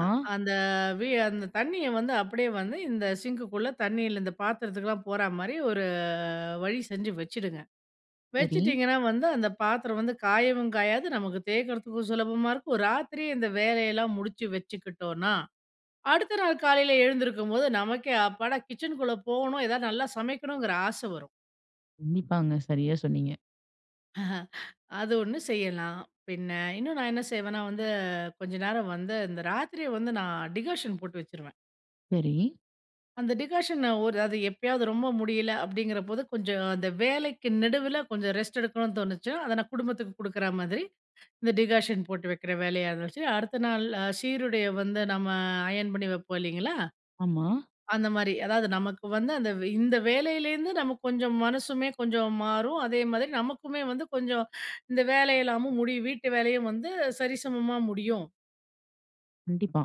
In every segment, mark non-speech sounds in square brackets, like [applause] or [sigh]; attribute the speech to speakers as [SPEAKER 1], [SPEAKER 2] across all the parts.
[SPEAKER 1] அ அந்த வி அந்த தண்ணீய வந்து அப்படியே வந்து இந்த சிங்க்குக்குள்ள தண்ணீல இந்த பாத்திரத்துக்குலாம் போற மாரி ஒரு வழி செஞ்சு வெச்சுடுங்க.
[SPEAKER 2] சரி.
[SPEAKER 1] வெச்சிட்டீங்கன்னா, வந்து அந்த பாத்திரம் வந்து காயவும் காயாது. நமக்கு தேய்க்கிறதுக்கும் சுலபமா இருக்கும். ஒரு ராத்திரி இந்த வேலையெல்லாம் முடிச்சு வெச்சுக்கிட்டோனா, அடுத்த நாள் காலையில எழுந்திருக்கும்போது நமக்கே அப்பாடா கிச்சனுக்குள்ள போகணும், ஏதாவது நல்லா சமைக்கணுங்கிற ஆச வரும்.
[SPEAKER 2] கண்டிப்பாங்க. சரியா சொன்னீங்க.
[SPEAKER 1] [chuckles] அது ஒண்ணு செய்யலாம். பின்ன இன்னும் நான் என்ன செய்வேனா வந்து, கொஞ்ச நேரம் வந்து, இந்த ராத்திரி வந்து டிகாஷன் போட்டு வெச்சுருவேன்.
[SPEAKER 2] சரி.
[SPEAKER 1] அந்த டிகாஷன, ஒரு அது எப்பயாவது ரொம்ப முடியல அப்படிங்கிறபோது, கொஞ்சம் அந்த வேலைக்கு நெடுவில கொஞ்சம் ரெஸ்ட் எடுக்கணும்னு தோணுச்சுனா, அத நான் குடும்பத்துக்கு குடுக்குற மாதிரி, இந்த டிகாஷன் போட்டு வெக்கிற வேலைய வச்சு. அடுத்த நாள் சீருடைய வந்து நம்ம அயன் பண்ணி வெப்போம், இல்லைங்களா?
[SPEAKER 2] ஆமா.
[SPEAKER 1] அந்த மாரி. அதாவது நமக்கு வந்து அந்த இந்த வேலையிலேருந்து நமக்கு கொஞ்சம் மனசுமே கொஞ்சம் மாறும், அதே மாதிரி நமக்குமே வந்து கொஞ்சம் இந்த வேலையெல்லாமும் முடியும். வீட்டு வேலையும் வந்து சரிசமமா முடியும்.
[SPEAKER 2] கண்டிப்பா.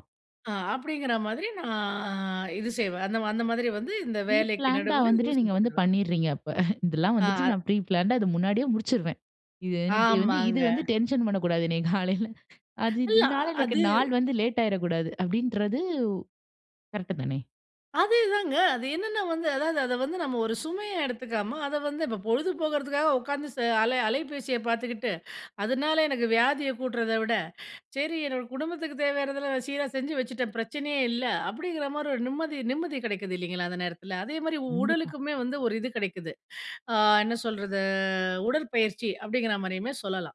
[SPEAKER 1] ஆ அப்படிங்கிற மாதிரி நான் இது செய்வேன். அந்த, அந்த மாதிரி வந்து இந்த
[SPEAKER 2] ப்ரீ
[SPEAKER 1] வேலைக்கு
[SPEAKER 2] பிளான்ட்டா
[SPEAKER 1] நடுவில இது
[SPEAKER 2] வந்துட்டு நீங்க வந்து
[SPEAKER 1] செஞ்சுக்குவேன்.
[SPEAKER 2] பண்ணிறீங்க. அப்ப [chuckles] இதெல்லாம்
[SPEAKER 1] ஆ
[SPEAKER 2] வந்துட்டு நான் ப்ரீ பிளான்டா அது முன்னாடியே முடிச்சிருவேன். இது எனக்கு வந்து, இது
[SPEAKER 1] ஆமாங்க.
[SPEAKER 2] வந்து டென்ஷன் பண்ணக்கூடாது என்னைய காலையில. [chuckles] அது
[SPEAKER 1] இல்ல
[SPEAKER 2] இதுனால எனக்கு
[SPEAKER 1] அது.
[SPEAKER 2] நாள் வந்து லேட் ஆயிறக்கூடாது. அப்படீன்றது உ கரெக்ட்டு தானே.
[SPEAKER 1] அதேதாங்க. அது என்னென்ன வந்து அதாவது அத வந்து நம்ம ஒரு சுமையா எடுத்துக்காம அத வந்து இப்ப பொழுது போகறதுக்காக உட்காந்து ச அல அலைபேசிய பாத்துக்கிட்டு, அதனால எனக்கு வியாதிய கூட்டுறத விட, சரி என்னோட குடும்பத்துக்கு தேவையானதெல்லாம் சீரா செஞ்சு வச்சுட்டேன் பிரச்சனையே இல்ல அப்படிங்கிற மாதிரி ஒரு நிம்மதி நிம்மதி கெடைக்குது இல்லைங்களா? அந்த நேரத்தில, அதே மாதிரி
[SPEAKER 2] கண்டிப்பா.
[SPEAKER 1] உடலுக்குமே வந்து ஒரு இது கெடைக்குது. ஆ என்ன சொல்றது? ஆ உடற்பயிற்சி அப்படிங்கிற மாரியுமே சொல்லலாம்.